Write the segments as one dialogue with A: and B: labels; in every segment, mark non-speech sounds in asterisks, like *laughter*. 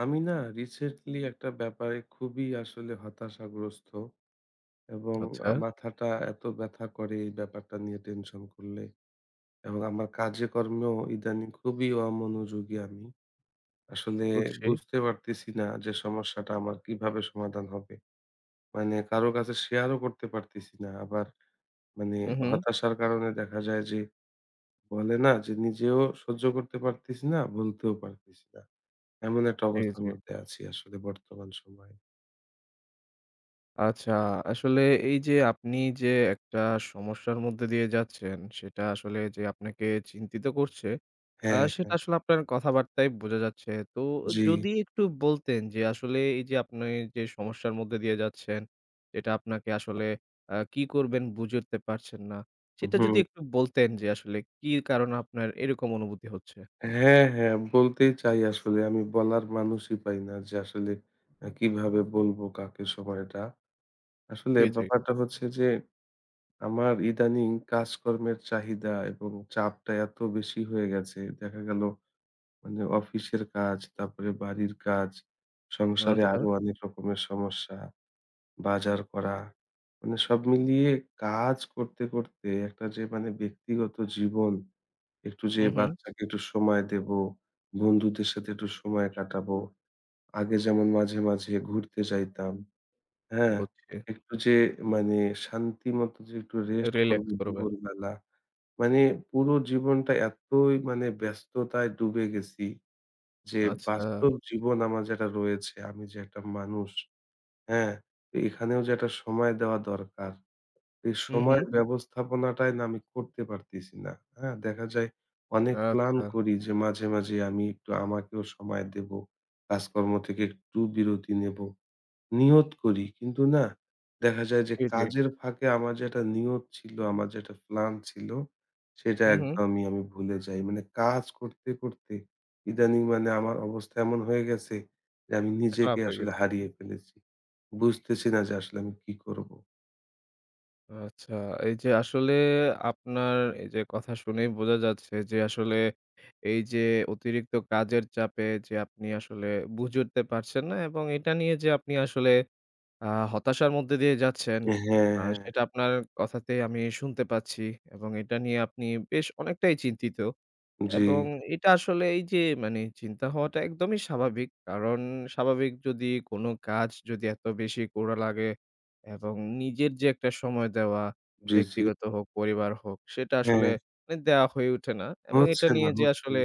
A: আমি না রিসেন্টলি একটা ব্যাপারে খুবই আসলে হতাশাগ্রস্ত এবং
B: আচ্ছা।
A: মাথাটা এত ব্যথা করে এই ব্যাপারটা নিয়ে টেনশন করলে এবং আমার কাজে কর্মেও ইদানিং খুবই অমনোযোগী আমি। আসলে
B: বুঝছি।
A: বুঝতে পারতেছি না যে সমস্যাটা আমার কিভাবে সমাধান হবে? মানে কারো কাছে share ও করতে পারতেছি না। আবার মানে
B: হু, হু।
A: হতাশার কারণে দেখা যায় যে বলে না যে নিজেও সহ্য করতে পারতেছি না, বলতেও পারতেছি না। এমন একটা অবস্থার
B: *unintelligible*
A: মধ্যে আছি আসলে বর্তমান সময়ে।
B: আচ্ছা, আসলে এই যে আপনি যে একটা সমস্যার মধ্য দিয়ে যাচ্ছেন সেটা আসলে যে আপনাকে চিন্তিত করছে, আ
A: হ্যাঁ,
B: সেটা
A: হ্যাঁ।
B: আসলে আপনার কথাবার্তায় বোঝা যাচ্ছে। তো
A: জি।
B: যদি একটু বলতেন যে আসলে এই যে আপনি যে সমস্যার মধ্য দিয়ে যাচ্ছেন, এটা আপনাকে আসলে আ কি করবেন বুঝে উঠতে পারছেন না। সেটা যদি
A: হুম।
B: একটু বলতেন যে আসলে কি কারণ আপনার এরকম অনুভূতি হচ্ছে?
A: হ্যাঁ, হ্যাঁ। বলতেই চাই আসলে আমি বলার মানুষই পাই না। যে আসলে কিভাবে বলব কাকে সময় এটা? আসলে
B: জি, জি।
A: ব্যাপারটা হচ্ছে যে আমার ইদানিং কাজকর্মের চাহিদা এবং চাপটা এত বেশি হয়ে গেছে, দেখা গেল মানে অফিসের কাজ তারপরে বাড়ির কাজ, সংসারে
B: আচ্ছা।
A: আরও অনেক রকমের সমস্যা, বাজার করা। মানে সব মিলিয়ে কাজ করতে, করতে একটা যে মানে ব্যক্তিগত জীবন, একটু যে
B: হু, হু।
A: বাচ্চাকে একটু সময় দেব, বন্ধুদের সাথে একটু সময় কাটাব, আগে যেমন মাঝে, মাঝে ঘুরতে যাইতাম, হ্যাঁ?
B: বুঝছি।
A: একটু যে মানে শান্তি মতো যে একটু রেস্ট করব
B: রিল্যাক্স করবেন।
A: দুপুরবেলা। মানে পুরো জীবনটা এতই মানে ব্যস্ততায় ডুবে গেছি যে
B: আচ্ছা।
A: বাস্তব জীবন আমার যেটা রয়েছে, আমি যে একটা মানুষ, হ্যাঁ? এখানেও যেটা সময় দেওয়া দরকার, এই
B: হু,
A: সময়
B: হু।
A: ব্যবস্থাপনাটাই না আমি করতে পারতেছি না। হ্যাঁ? দেখা যায় অনেক প্ল্যান
B: আচ্ছা।
A: করি যে মাঝে, মাঝে আমি একটু আমাকেও সময় দেব, কাজকর্ম থেকে একটু বিরতি নেব, নিয়ত করি। কিন্তু না, দেখা যায় যে
B: জি, জি।
A: কাজের ফাঁকে আমার যেটা নিয়ত ছিল, আমার যেটা প্ল্যান ছিল সেটা
B: হু, হু।
A: একদমই আমি ভুলে যাই। মানে কাজ করতে, করতে ইদানিং মানে আমার অবস্থা এমন হয়ে গেছে যে আমি নিজেকে
B: খারাপ হয়ে
A: আসলে
B: গেছে।
A: হারিয়ে ফেলেছি। বুঝতেছি না যে আসলে আমি কী করব?
B: আচ্ছা। এই যে আসলে আপনার এই যে কথা শুনেই বোঝা যাচ্ছে যে আসলে এই যে অতিরিক্ত কাজের চাপে যে আপনি আসলে বুঝে উঠতে পারছেন না, এবং এটা নিয়ে যে আপনি আসলে আ হতাশার মধ্য দিয়ে যাচ্ছেন
A: হ্যাঁ,
B: আ
A: হ্যাঁ।
B: সেটা আপনার কথাতেই আমি শুনতে পাচ্ছি, এবং এটা নিয়ে আপনি বেশ অনেকটাই চিন্তিত, এবং
A: জি।
B: এটা আসলে এই যে মানে চিন্তা হওয়াটা একদমই স্বাভাবিক। কারণ স্বাভাবিক যদি কোন কাজ যদি এত বেশি করা লাগে, এবং নিজের যে একটা সময় দেওয়া,
A: জি, জি।
B: ব্যক্তিগত হোক পরিবার হোক সেটা আসলে
A: হ্যাঁ।
B: মানে দেয়া হয়ে ওঠে না, এবং এটা
A: হচ্ছে না,
B: নিয়ে যে
A: হচ্ছে
B: আসলে
A: না।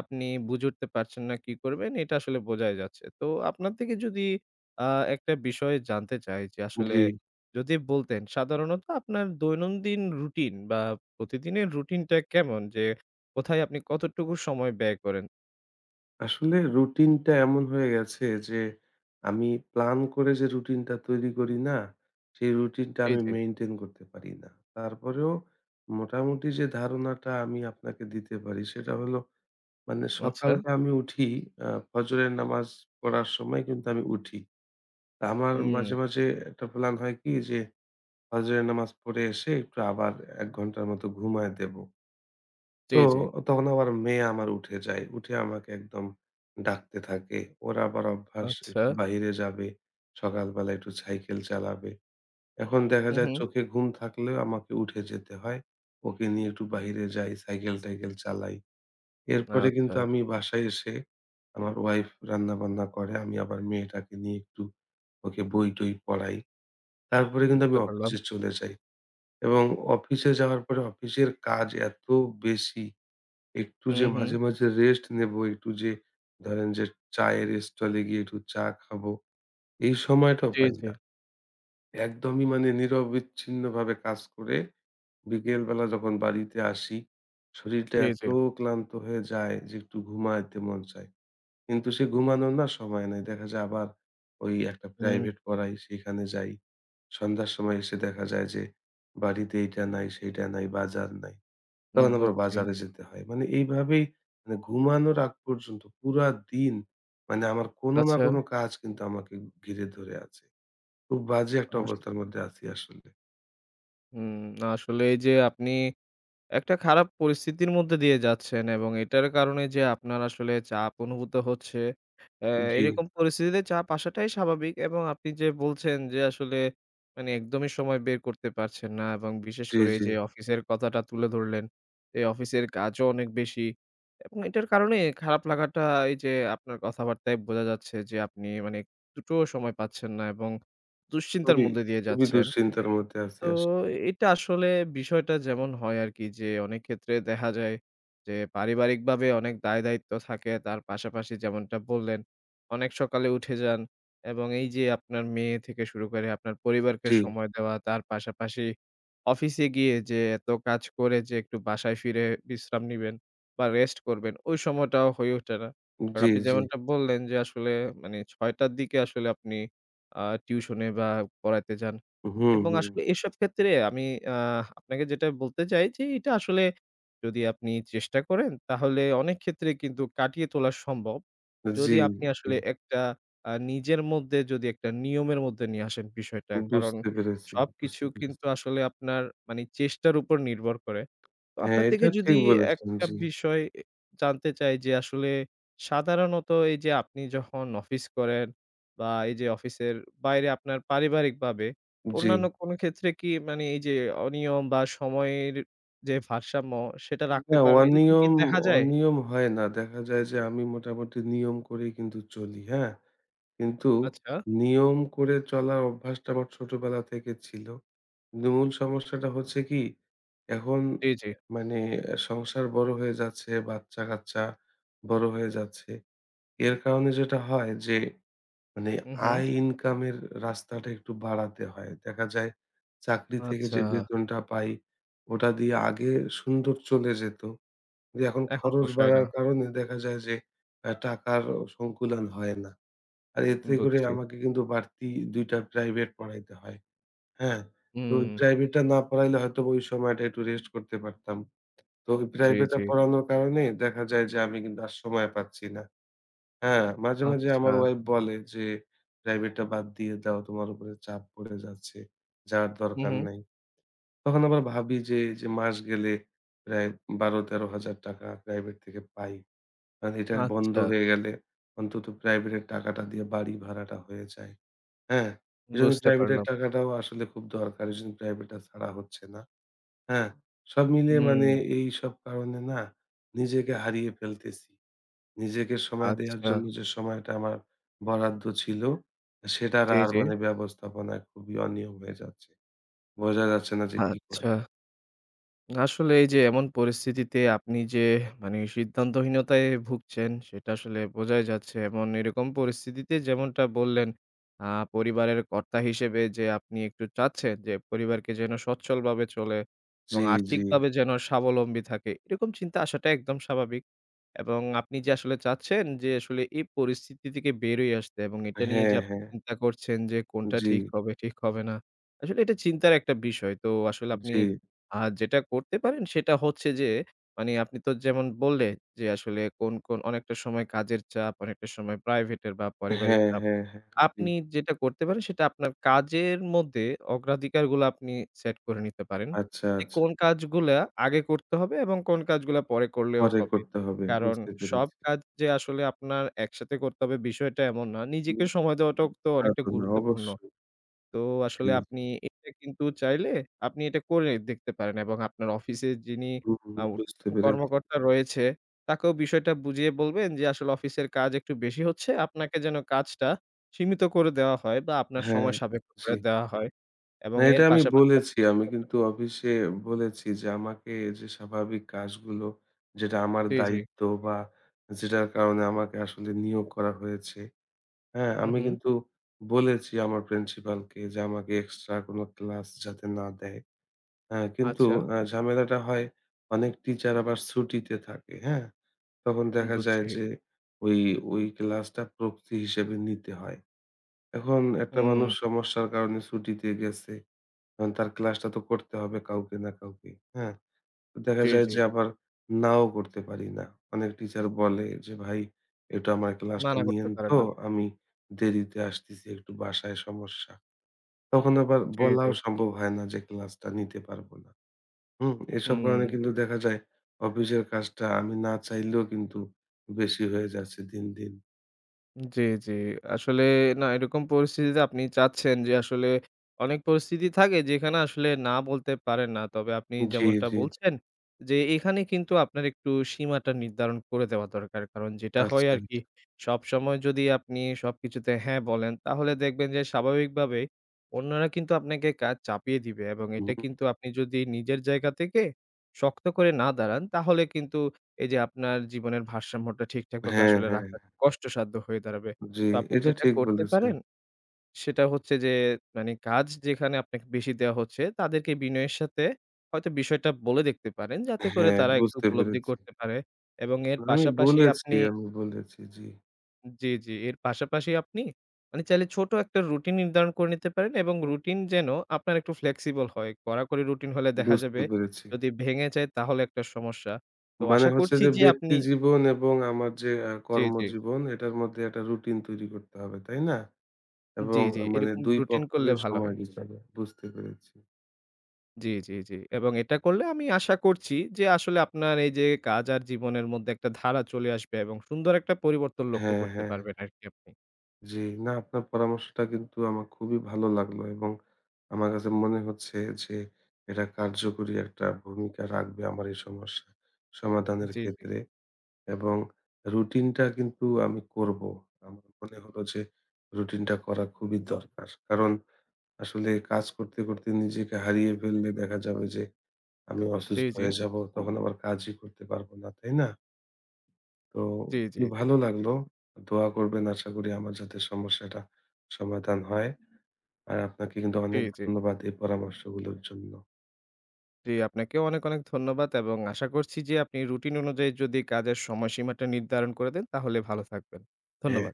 B: আপনি বুঝে উঠতে পারছেন না কি করবেন এটা আসলে বোঝাই যাচ্ছে। তো আপনার থেকে যদি আ একটা বিষয় জানতে চাই যে আসলে
A: জি।
B: যদি বলতেন সাধারণত আপনার দৈনন্দিন রুটিন বা, প্রতিদিনের রুটিনটা কেমন? যে কোথায় আপনি কতটুকু সময় ব্যয় করেন?
A: আসলে routine-টা এমন হয়ে গেছে যে আমি plan করে যে routine-টা তৈরি করি না? সেই routine-টা
B: জি,
A: আমি
B: জি।
A: maintain করতে পারি না। তারপরেও মোটামুটি যে ধারণাটা আমি আপনাকে দিতে পারি সেটা হলো মানে
B: আচ্ছা।
A: সকালটা আমি উঠি অ্যা ফজরের নামাজ পড়ার সময় কিন্তু আমি উঠি। আমার মাঝে,
B: হুম।
A: মাঝে একটা plan হয় কি যে ফজরের নামাজ পড়ে এসে একটু আবার ১ ঘণ্টার মতো ঘুমায়ে দেব।
B: জি,
A: তো
B: জি।
A: তখন আবার মেয়ে আমার উঠে যায়। উঠে আমাকে একদম ডাকতে থাকে। ওর আবার অভ্যাস একটু
B: আচ্ছা।
A: বাহিরে যাবে, সকালবেলা একটু cycle চালাবে। এখন দেখা
B: হুম,
A: যায়
B: হুম।
A: চোখে ঘুম থাকলেও আমাকে উঠে যেতে হয়। ওকে নিয়ে একটু বাহিরে যাই, cycle-টাইকেল চালাই। এরপরে কিন্তু
B: আচ্ছা।
A: আমি বাসায় এসে আমার wife রান্না-বান্না করে। আমি আবার মেয়েটাকে নিয়ে একটু ওকে বই-টই পড়াই। তারপরে কিন্তু
B: বুঝতে
A: আমি
B: পারলাম।
A: অফিসে চলে যাই, এবং অফিসে যাওয়ার পরে অফিসের কাজ এত বেশি, একটু যে
B: হুম, হুম।
A: মাঝে, মাঝে rest নেব, একটু যে ধরেন যে চায়ের stall এ গিয়ে একটু চা খাব, এই সময়টাও
B: জি,
A: পাই
B: জি।
A: না। একদমই মানে নিরবিচ্ছিন্নভাবে কাজ করে বিকেলবেলা যখন বাড়িতে আসি, শরীরটা
B: জি,
A: এত
B: জি।
A: ক্লান্ত হয়ে যায় যে একটু ঘুমায়েতে মন চায়। কিন্তু সে ঘুমানোর না সময় নাই। দেখা যায় আবার ওই একটা
B: হুম।
A: private পড়াই, সেইখানে যাই। সন্ধ্যার সময় এসে দেখা যায় যে বাড়িতে এইটা নাই, সেইটা নাই, বাজার নাই।
B: উম
A: তখন আবার
B: বুঝছি।
A: বাজারে যেতে হয়। মানে এইভাবেই মানে ঘুমানোর আগ পর্যন্ত পুরা দিন মানে আমার কোন না কোন
B: আচ্ছা।
A: কাজ কিন্তু আমাকে ঘিরে ধরে আছে। খুব বাজে একটা
B: *unintelligible*
A: অবস্থার মধ্যে আছি আসলে।
B: হুম, আসলে এই যে আপনি একটা খারাপ পরিস্থিতির মধ্য দিয়ে যাচ্ছেন এবং এটার কারণে যে আপনার আসলে চাপ অনুভূত হচ্ছে। এ
A: উ জি।
B: এরকম পরিস্থিতিতে চাপ আসাটাই স্বাভাবিক এবং আপনি যে বলছেন, যে আসলে মানে একদমই সময় বের করতে পারছেন না এবং বিশেষ
A: জি,
B: করে এই
A: জি।
B: যে অফিসের কথাটা তুলে ধরলেন। এই অফিসের কাজও অনেক বেশি এবং এটার কারণে খারাপ লাগাটা, এই যে আপনার কথাবার্তায় বোঝা যাচ্ছে। যে আপনি মানে একটু টো সময় পাচ্ছেন না এবং দুশ্চিন্তার
A: খুবই,
B: মধ্য দিয়ে
A: খুবই
B: যাচ্ছেন।
A: দুশ্চিন্তার মধ্যে আছি
B: তো
A: আসলে।
B: এটা আসলে বিষয়টা যেমন হয় আরকি। যে অনেক ক্ষেত্রে দেখা যায় যে পারিবারিকভাবে অনেক দায়দায়িত্ব থাকে। তার পাশাপাশি যেমনটা বললেন, অনেক সকালে উঠে যান এবং এই যে আপনার মেয়ে থেকে শুরু করে আপনার পরিবারকে
A: জি।
B: সময় দেওয়া, তার পাশাপাশি অফিসে গিয়ে যে এত কাজ করে যে, একটু বাসায় ফিরে বিশ্রাম নিবেন বা রেস্ট করবেন, ওই সময়টাও হয়ে ওঠে না।
A: উ
B: কারণ
A: জি
B: আপনি
A: জি।
B: যেমনটা বললেন যে আসলে মানে ৬:০০ র দিকে আসলে আপনি আ টিউশনে বা পড়াইতে যান
A: হুম,
B: এবং
A: হুম।
B: আসলে এসব ক্ষেত্রে আমি আ আপনাকে যেটা বলতে চাই যে এটা আসলে যদি আপনি চেষ্টা করেন তাহলে অনেক ক্ষেত্রে কিন্তু কাটিয়ে তোলা সম্ভব।
A: অ্যা জি,
B: যদি আপনি
A: জি।
B: আসলে একটা আ নিজের মধ্যে যদি একটা নিয়মের মধ্যে নিয়ে আসেন বিষয়টা।
A: উ
B: কারণ
A: বুঝতে পেরেছি,
B: সবকিছু
A: বুঝতে
B: কিন্তু
A: পেরেছি।
B: আসলে আপনার মানে চেষ্টার উপর নির্ভর করে।
A: হ্যাঁ,
B: আপনার
A: এটা
B: থেকে
A: ঠিক
B: যদি
A: বলেছেন।
B: একটা
A: জি।
B: বিষয় এ জানতে চাই, যে আসলে সাধারণত এই যে আপনি যখন অফিস করেন বা এই যে অফিসের বাইরে আপনার পারিবারিক ভাবে অন্যান্য
A: জি।
B: কোনো ক্ষেত্রে কি মানে এই যে অনিয়ম বা সময়ের যে ভারসাম্য সেটা
A: উ
B: রাখতে
A: না,
B: পারেন, এরকম কি
A: অনিয়ম
B: দেখা যায়?
A: অনিয়ম হয় না। দেখা যায় যে আমি মোটামুটি নিয়ম করেই কিন্তু চলি, হ্যাঁ? কিন্তু
B: আচ্ছা।
A: নিয়ম করে চলার অভ্যাসটা আমার ছোটবেলা থেকে ছিল। ন মূল সমস্যাটা হচ্ছে কি, এখন
B: জি, জি।
A: মানে সংসার বড় হয়ে যাচ্ছে, বাচ্চা-কাচ্চা বড় হয়ে যাচ্ছে। এর কারণে যেটা হয়, যে মানে
B: হু, হু।
A: আয় ইনকামের রাস্তাটা একটু বাড়াতে হয়। দেখা যায় চাকরি থেকে যে
B: আচ্ছা।
A: বেতনটা পাই ওটা দিয়ে আগে সুন্দর চলে যেতো। এখন
B: এখন
A: খরচ
B: পোষায় না।
A: বাড়ার কারণে দেখা যায় যে অ্যা টাকারও সংকুলান হয় না। আর
B: উ
A: এতে করে
B: বুঝছি।
A: আমাকে কিন্তু বাড়তি ২ টা প্রাইভেট পড়াইতে হয়, হ্যাঁ? তো
B: হুম।
A: প্রাইভেটা না পড়াইলে হয়তোবা ওই সময়টা একটু রেস্ট করতে পারতাম। তো ওই
B: জি,
A: প্রাইভেটটা
B: জি।
A: পড়ানোর কারণে দেখা যায় যে আমি কিন্তু আর সময় পাচ্ছি না। হ্যাঁ? মাঝে, মাঝে আমার
B: আচ্ছা।
A: ওয়াইফ বলে যে, "প্রাইভেটটা বাদ দিয়ে দাও, তোমার উপরে চাপ পড়ে যাচ্ছে, যাওয়ার
B: হু,
A: দরকার
B: হুম।
A: নাই।" তখন আবার ভাবি, যে এই যে মাস গেলে প্রায় ৳১২-১৩,০০০ টাকা প্রাইভেট থেকে পাই। আর এটা বন্ধ
B: আচ্ছা।
A: হয়ে গেলে অন্তত প্রাইভেট এর টাকাটা দিয়ে বাড়ি ভাড়াটা হয়ে যায়, হ্যাঁ?
B: উ
A: এজন্য
B: বুঝতে
A: প্রাইভেট এর
B: পারলাম।
A: টাকাটাও আসলে খুব দরকার। এজন্য প্রাইভেটা ছাড়া হচ্ছে না, হ্যাঁ? সব মিলে মানে
B: হুম।
A: এইসব কারণে না নিজেকে হারিয়ে ফেলতেছি। নিজেকে সময় দেয়ার
B: আচ্ছা।
A: জন্য যে সময়টা আমার বরাদ্দ ছিল সেটা
B: জি,
A: আর
B: জি।
A: মানে ব্যবস্থাপনায় খুবই অনিয়ম হয়ে যাচ্ছে বোঝা যাচ্ছে না যে কি কর
B: আচ্ছা। আসলে এই যে এমন পরিস্থিতিতে আপনি যে মানে সিদ্ধান্তহীনতায় ভুগছেন। সেটা আসলে বোঝাই যাচ্ছে এবং এরকম পরিস্থিতিতে যেমনটা বললেন, আ পরিবারের কর্তা হিসেবে যে আপনি একটু চাচ্ছেন। যে পরিবারকে যেন সচ্ছল ভাবে চলে
A: জি,
B: এবং
A: জি।
B: আর্থিকভাবে যেন স্বাবলম্বী থাকে। এরকম চিন্তা আসাটা একদম স্বাভাবিক। এবং আপনি যে আসলে চাচ্ছেন, যে আসলে এই পরিস্থিতি থেকে বের হয়ে আসতে এবং
A: আ
B: এটা নিয়ে
A: হ্যাঁ,
B: যে আপনি
A: হ্যাঁ।
B: চিন্তা করছেন। যে
A: উ
B: কোনটা ঠিক
A: জি।
B: হবে, ঠিক হবে না? আসলে এটা চিন্তার একটা বিষয়। তো আসলে
A: উ
B: আপনি
A: জি।
B: আ যেটা করতে পারেন সেটা হচ্ছে যে মানে আপনি তো যেমন বললেন। যে আসলে কোন, কোন অনেকটা সময় কাজের চাপ, অনেকটা সময় প্রাইভেট এর বা পারিবারিক
A: হ্যাঁ,
B: চাপ।
A: হ্যাঁ, হ্যাঁ জি।
B: আপনি যেটা করতে পারেন সেটা আপনার কাজের মধ্যে অগ্রাধিকারগুলা আপনি সেট করে নিতে পারেন।
A: আচ্ছা,
B: যে
A: আচ্ছা।
B: কোন কাজগুলা আগে করতে হবে এবং কোন কাজগুলা পরে করলেও
A: পরে
B: হবে?
A: করতে হবে,
B: কারণ
A: বুঝতে
B: সব
A: পেরেছি।
B: কাজ যে আসলে আপনার একসাথে করতে হবে বিষয়টা এমন না নিজেকে সময় দেওয়াটাও
A: *unintelligible*
B: তো
A: তা
B: অনেকটা
A: তো না,
B: গুরুত্বপূর্ণ।
A: অবশ্যই।
B: তো
A: জি।
B: আসলে আপনি এটা কিন্তু চাইলে, আপনি এটা কইরে দেখতে পারেন এবং আপনার অফিসের যিনি,
A: হু, হু
B: আ
A: বুঝতে
B: *unintelligible*
A: পেরেছি।
B: কর্মকর্তা রয়েছে, তাকেও বিষয়টা বুঝিয়ে বলবেন। যে আসলে অফিসের চকাজ একটু বেশি হচ্ছে, আপনাকে যেন কাজটা সীমিত করে দেওয়া হয় বা আপনার
A: হ্যাঁ,
B: সময় সাপেক্ষ করে
A: জি।
B: দেওয়া হয়
A: না,
B: এবং
A: এটা
B: এর
A: আমি
B: পাশাপাশি
A: বলেছি। আমি কিন্তু
B: *unintelligible*
A: অফিসে বলেছি যে আমাকে যে স্বাভাবিক কাজগুলো, যেটা আমার
B: জি, জি।
A: দায়িত্ব বা যেটার কারণে আমাকে আসলে নিয়োগ করা হয়েছে, হ্যাঁ?
B: হুম,
A: আমি
B: হুম।
A: কিন্তু বলেছি আমার প্রিন্সিপাল কে যে, আমাকে এক্সট্রা কোনো ক্লাস যাতে না দেয়, হ্যাঁ? কিন্তু
B: আচ্ছা।
A: অ্যা ঝামেলাটা হয় অনেক টিচার আবার ছুটিতে থাকে, হ্যাঁ? তখন
B: উ
A: দেখা যায়
B: বুঝছি।
A: যে ওই ওই ক্লাসটা প্রক্সি হিসেবে নিতে হয়। এখন একটা
B: হুম।
A: মানুষ সমস্যার কারণে ছুটিতে গেছে। এখন তার ক্লাসটা তো করতে হবে কাউকে না কাউকে, হ্যাঁ? তো দেখা
B: জি,
A: যায়
B: জি।
A: যে আবার নাও করতে পারি না। অনেক টিচার বলে যে, "ভাই এটা আমার
B: না,
A: ক্লাসটা
B: না করতে
A: নিয়েন
B: পারে
A: তো,
B: না।
A: আমি দেরিতে আসতেছি, একটু বাসায় সমস্যা।" তখন আবার
B: জি, জি।
A: বলাও সম্ভব হয় না যে ক্লাস-টা নিতে পারব না। হুম? এসব কারণে
B: হুম।
A: কিন্তু দেখা যায় অফিসের কাজটা আমি না চাইলেও কিন্তু বেশি হয়ে যাচ্ছে দিন, দিন।
B: জি, জি। আসলে না, এরকম পরিস্থিতিতে আপনি চাচ্ছেন যে, আসলে অনেক পরিস্থিতি থাকে যেখানে আসলে না বলতে পারেন না। তবে আপনি
A: জি,
B: যেমনটা
A: জি, জি।
B: বলছেন যে এখানে কিন্তু আপনার একটু সীমাটা নির্ধারণ করে দেওয়া দরকার। কারণ যেটা হয়
A: আচ্ছা,
B: আর কি,
A: আচ্ছা।
B: সবসময় যদি আপনি সবকিছুতে হ্যাঁ বলেন তাহলে দেখবেন যে স্বাভাবিকভাবে অন্যরা কিন্তু আপনাকে কাজ চাপিয়ে দিবে এবং
A: হুম।
B: এটা কিন্তু আপনি যদি নিজের জায়গা থেকে শক্ত করে না দাঁড়ান তাহলে কিন্তু এই যে আপনার জীবনের ভারসাম্যটা ঠিক-ঠাকভাবে
A: হ্যাঁ,
B: আসলে
A: হ্যাঁ,
B: রাখা
A: হ্যাঁ।
B: কষ্টসাধ্য হয়ে দাঁড়াবে।
A: জি,
B: তো আপনি
A: এটা
B: যেটা
A: ঠিক
B: করতে
A: বলেছেন।
B: পারেন, সেটা হচ্ছে যে মানে কাজ যেখানে আপনাকে বেশি দেওয়া হচ্ছে তাদেরকে বিনয়ের সাথে হয়তো বিষয়টা বলে দেখতে পারেন যাতে করে
A: হ্যাঁ,
B: তারা একটু
A: বুঝতে
B: উপলব্ধি
A: পেরেছি।
B: করতে পারে এবং এর
A: আমি
B: পাশাপাশি
A: বলেছি,
B: আপনি
A: আমি বলেছি, জি।
B: জি, জি, এর পাশাপাশি আপনি মানে চাইলে ছোট একটা routine নির্ধারণ করে নিতে পারেন এবং routine যেন আপনার একটু flexible হয়। কড়াকড়ি routine হলে দেখা
A: বুঝতে
B: যাবে
A: পেরেছি।
B: যদি ভেঙে যায় তাহলে একটা সমস্যা। তো
A: মানে
B: আশা
A: হচ্ছে
B: করছি
A: যে
B: যে আপনি
A: ব্যক্তিজীবন এবং আমার যে এ
B: জি, জি।
A: কর্মজীবন এটার মধ্যে একটা routine তৈরি করতে হবে, তাই না?
B: জি,
A: এবং
B: জি,
A: মানে
B: এরকম
A: দুই
B: routine করলে
A: পক্ষের
B: ভালো
A: সময়
B: হয়।
A: হিসাব, বুঝতে পেরেছি।
B: জি, জি, জি এবং এটা করলে আমি আশা করছি যে আসলে আপনার এই যে কাজ আর জীবনের মধ্যে একটা ধারা চলে আসবে এবং সুন্দর একটা পরিবর্তন লক্ষ্য
A: হ্যাঁ,
B: করতে
A: হ্যাঁ, হ্যাঁ।
B: পারবেন আরকি আপনি।
A: জি, না, আপনার পরামর্শটা কিন্তু আমার খুবই ভালো লাগলো এবং আমার কাছে মনে হচ্ছে যে এটা কার্যকরী একটা ভূমিকা রাখবে আমার এই সমস্যা সমাধানের
B: জি, জি।
A: ক্ষেত্রে এবং routine-টা কিন্তু আমি করব। আমার মনে হল যে routine-টা করা খুবই দরকার। কারণ আসলে কাজ করতে, করতে নিজেকে হারিয়ে ফেললে দেখা যাবে যে আমি
B: জি,
A: অসুস্থ
B: জি।
A: হয়ে যাব। তখন আবার কাজই করতে পারব না, তাই না? তো
B: জি, জি,
A: খুবই
B: জি।
A: ভালো লাগলো। দোয়া করবেন আশা করি আমার যাতে সমস্যাটা সমাধান হয়। আর আপনাকে কিন্তু
B: জি,
A: অনেক
B: জি।
A: ধন্যবাদ এই পরামর্শগুলোর জন্য।
B: জি আপনাকেও অনেক, অনেক ধন্যবাদ এবং আশা করছি যে আপনি routine অনুযায়ী যদি কাজের সময়-সীমাটা নির্ধারণ করে দেন তাহলে ভালো থাকবেন।
A: হ্যাঁ।
B: ধন্যবাদ।